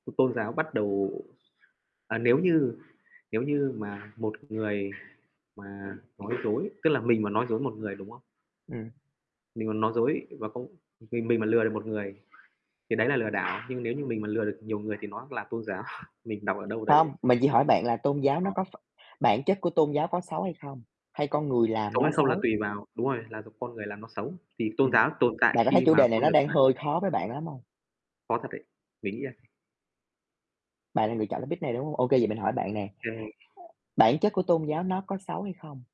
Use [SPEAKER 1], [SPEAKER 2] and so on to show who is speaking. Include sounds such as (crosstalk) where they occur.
[SPEAKER 1] Ừm, tôn giáo bắt đầu à, nếu như, nếu như mà một người mà nói dối, tức là mình mà nói dối một người, đúng không?
[SPEAKER 2] Ừm.
[SPEAKER 1] Mình mà nói dối và không mình mình mà lừa được một người, thì đấy là lừa đảo, nhưng nếu như mình mà lừa được nhiều người thì nó là tôn giáo, mình đọc ở đâu đấy.
[SPEAKER 2] Không, mình chỉ hỏi bạn là tôn giáo nó
[SPEAKER 1] Ờ.
[SPEAKER 2] có ph bản chất của tôn giáo có xấu hay không, hay con người làm
[SPEAKER 1] Xấu
[SPEAKER 2] nó
[SPEAKER 1] hay không là
[SPEAKER 2] xấu?
[SPEAKER 1] tùy vào đúng rồi, là con người làm nó xấu. Thì tôn
[SPEAKER 2] Ừm,
[SPEAKER 1] giáo tồn tại
[SPEAKER 2] bạn có thấy
[SPEAKER 1] khi
[SPEAKER 2] chủ
[SPEAKER 1] mà
[SPEAKER 2] đề này
[SPEAKER 1] con
[SPEAKER 2] nó
[SPEAKER 1] người
[SPEAKER 2] đang
[SPEAKER 1] (unintelligible)
[SPEAKER 2] hơi khó với bạn lắm hông?
[SPEAKER 1] Khó thật đấy, mình nghĩ là
[SPEAKER 2] Bạn là người chọn topic này, đúng hông? Ô kê vậy mình hỏi bạn nè,
[SPEAKER 1] À.
[SPEAKER 2] bản chất của tôn giáo nó có xấu hay không?